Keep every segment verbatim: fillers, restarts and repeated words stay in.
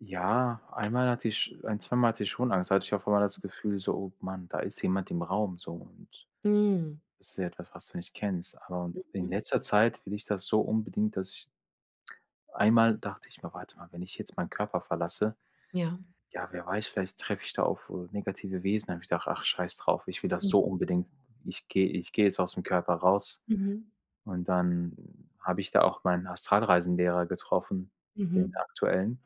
Ja, einmal hatte ich sch ein zweimal hatte ich schon Angst. Da hatte ich auf einmal das Gefühl, so: „Oh mann, da ist jemand im Raum so und Mhm. das ist ja etwas, was du nicht kennst.” Ähm, in Mhm. letzter Zeit will ich das so unbedingt, dass ich einmal dachte ich mir: „Warte mal, wenn ich jetzt meinen Körper verlasse, Ja. ja, wer weiß, vielleicht treffe ich da auf, äh, negative Wesen.“ Da habe ich gedacht: „Ach, scheiß drauf, ich will das so Mhm. unbedingt. Ich gehe ich gehe jetzt aus'm Körper raus“ Mhm. und dann habe ich da auch mein Astralreisenlehrer getroffen, den Mhm. aktuellen.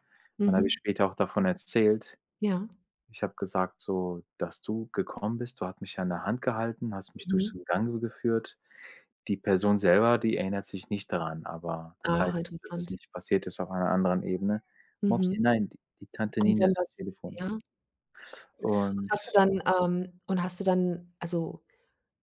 Dann habe ich Mhm. später auch davon erzählt. Ja. Ich habe gesagt, so: „Dass du gekommen bist, du hat mich an der Hand gehalten, hast mich durch Mhm. [unintelligible] geführt.“ Die Person selber, die erinnert sich nicht daran, aber das Ah, heißt nicht, dass es interessant. nicht passiert ist auf einer anderen Ebene. Mopsi, Mhm. nein, die die Tante Und Nina dann ist am war's Telefon. ja. Hast du Und ja. dann, ähm und hast du dann, also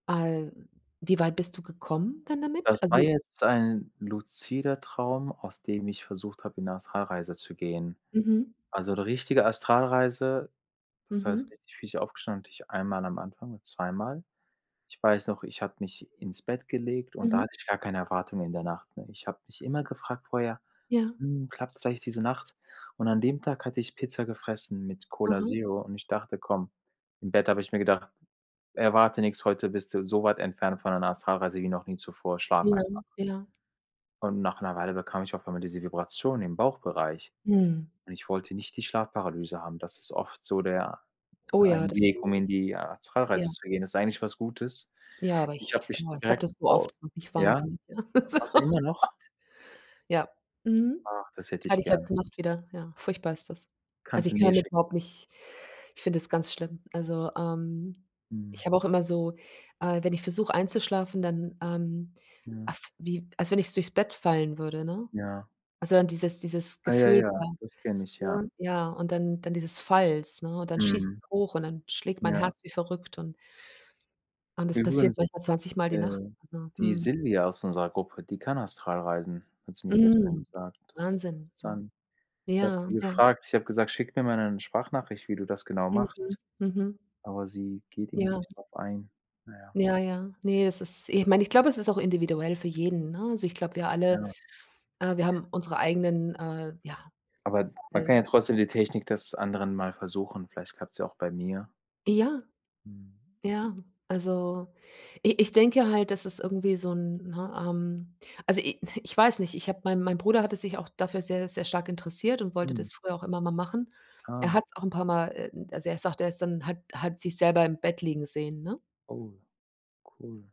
al wie weit bist du gekommen dann damit? Das Also war jetzt ein luzider Traum, aus dem ich versucht habe, in 'ne Astralreise zu gehen. Mhm. Also, 'ne richtige Astralreise, das heißt, Mhm. [unintelligible] aufgestanden, hatte ich einmal am Anfang oder zweimal. Ich weiß noch, ich habe mich ins Bett gelegt und da Mhm. hatte ich gar keine Erwartungen in der Nacht, ne? Ich habe mich immer gefragt vorher: Ja. „Hm, klappt's vielleicht diese Nacht?“ Und an dem Tag hatte ich Pizza gefressen mit Cola Aha. Zero und ich dachte: „Komm“ im Bett habe ich mir gedacht: „Erwarte nix, heute bist du so weit entfernt von deiner Astralreise wie noch nie zuvor, schlaf Ja, einfach.“ ja. Und nach Weile bekam ich auf einmal diese Vibration im Bauchbereich Mhm. und ich wollte nicht die Schlafparalyse haben. Das ist oft so der Oh ja, ein das kenn Weg, um ich. in die Ja. Astralreise zu gehen. Ist eigentlich was Gutes. Ja, aber Ich ich habe mich boah, ich habe direkt das so au oft, das macht mich ja? wahnsinnig. So, Hast oh du immer Gott. noch? Ja, mhm. Ach, das hätte ich Hatte ich gern. letzte Nacht wieder. Ja, furchtbar ist das. Also, Kannst du ich kann mir damit schicken. überhaupt nicht ich finde das ganz schlimm. Also, ähm, Mhm. ich habe auch immer so äh, wenn ich versuche einzuschlafen, dann, ähm, äh, Mhm. f wie als wenn ich's durchs Bett fallen würde, ne? Ja. Also, dann dieses dieses Ja, ja Gefühl ja, da, das kenne ich, ja, ja. ja, und dann dann dieses Falls, ne, und dann schieße Mhm. ich hoch und dann schlägt meine Ja. Herz wie verrückt und und das passiert Übrigens, manchmal zwanzig Mal die äh, Nacht, ja, die mhm. Silvia aus unserer Gruppe, die kann Astralreisen, hat sie mir gestern Mhm, gesagt. Das ist Wahnsinn, ja. interessant. Ich habe Ja, sie ja. gefragt, ich habe gesagt: „Schick mir mal 'nen Sprachnachricht, wie du das genau Mhm, machst“, mhm. aber sie geht irgendwie Ja. nicht darauf ein, na ja. Ja, ja. Ne, es ist ich meine, ich glaube, es ist auch individuell für jeden, ne? Also, ich glaube, wir Ja. alle, äh, wir haben unsere eigenen, äh, ja, Aber man kann ja [unintelligible] trotzdem die Technik des anderen mal versuchen, vielleicht klappt's ja auch bei mir. Ja. Mhm. Ja. Also, i ich denke halt, dass es irgendwie so 'n, ne, ähm Also, i ich weiß nicht, ich habe meine meine Bruder hatte sich auch dafür sehr, sehr stark interessiert und wollte Mhm. das früher auch immer mal machen. Er Ah. hat's auch 'n paar mal, äh, m also, er sagt, er ist dann hat hat sich selber im Bett liegen sehen, ne? Oh, cool.